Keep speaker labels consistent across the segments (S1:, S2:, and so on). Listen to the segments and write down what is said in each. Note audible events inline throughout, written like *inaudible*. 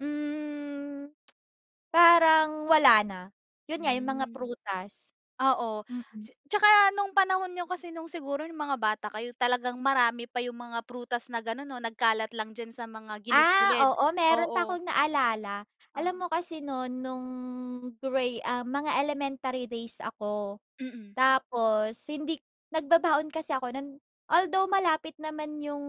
S1: Hmm *tsk* parang wala na. Yun nga yung mga
S2: Hmm.
S1: prutas.
S2: Ah, oh.
S1: Mm.
S2: Ts tsaka no’ng panahon niyo kasi no’ng siguro no’ng mga bata kayo talagang marami pa yung mga prutas na ganon 'no, nagkalat lang diyan sa mga
S1: Ah,
S2: gilid-gilid,
S1: oo meron pa
S2: oo.
S1: akong naalala. Alam
S2: Oo.
S1: mo kasi no’n nung gra um mga elementary days ako.
S2: Mm.
S1: Tapos hindi nagbabaon kasi ako no’n. Although malapit naman yung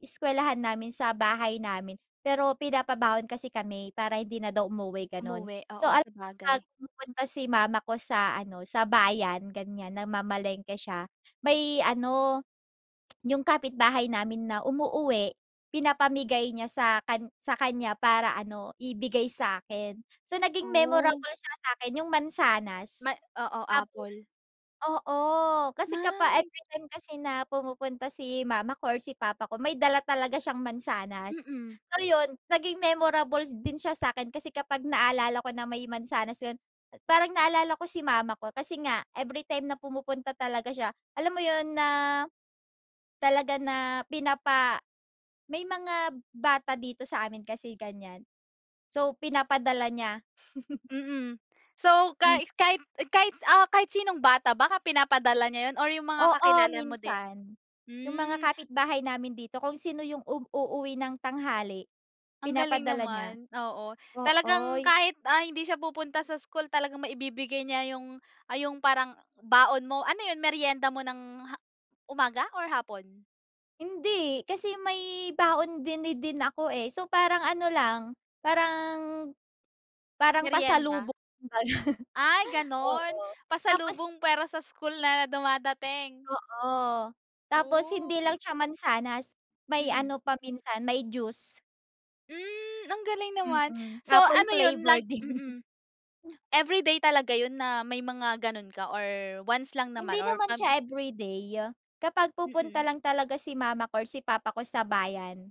S1: eskwelahan namin sa bahay namin, pero pinapabaon kasi kami para hindi na daw umuwi, ganon.
S2: Umuwi,
S1: So,
S2: oo
S1: al
S2: sabagay.
S1: 'pag pumupunta si mama ko sa ano, sa bayan ganyan, namamalengke siya may ano *clicks tongue* yung kapitbahay namin na umuuwi pinapamigay niya sa kan sa kanya para ano ibigay sa’kin. So naging
S2: Oh.
S1: memorable siya sa'kin yung
S2: Ma
S1: mansanas,
S2: Oo,
S1: apple.
S2: apple.
S1: Oo kasi kapa
S2: Ah.
S1: every time kasi na pumupunta si mama ko or si papa ko may dala talaga siyang mansanas.
S2: Mm.
S1: So, yun naging memorable din siya sa’kin kasi kapag naalala ko na may mansanas yun, parang naalala ko si mama ko, kasi nga everytime na pumupunta talaga siya alam mo yun na, talaga na pinapa may mga bata dito sa amin kasi ganyan, so pinapadala niya. *chuckles*
S2: Mm. So ka
S1: Hmm.
S2: kahit kahit ah, kahit sinong bata ba ka pinapadala niya ‘yon or yung mga
S1: Oo
S2: kakilala mo din?
S1: minsan. Yung mga
S2: Hmm.
S1: kapitbahay namin dito kung sino yung um uuwi ng tanghali,
S2: Ang galing
S1: pinapadala niya.
S2: naman! Oo. Talagang
S1: Ooy.
S2: kahit ah, hindi siya pupunta sa school talagang maibibigay niya yung, ah, yung parang baon mo. Ano 'yon, meryenda mo ng ha umaga or hapon?
S1: Hindi. Kasi may baon din, ni din ako eh, so parang ano lang, parang parang
S2: Meryenda?
S1: pasalubong kumbaga.
S2: Ay
S1: *laughs*
S2: ganon.
S1: Oo. Tapos
S2: Pasalubong pero sa school na dumadating.
S1: Oo. Tapos
S2: Oh.
S1: hindi lang siya mansanas, may
S2: Mm.
S1: ano pa minsan may juice.
S2: Hmm, ang galing naman!
S1: Mm,
S2: So
S1: Apple
S2: ano yun lag
S1: flavor din
S2: mm. Everyday talaga 'yon na may mga gano’n ka or once lang naman
S1: Hindi
S2: or
S1: naman
S2: pam
S1: siya everyday, kapag pupunta
S2: Mm.
S1: lang talaga si mama ko or si papa ko sa bayan.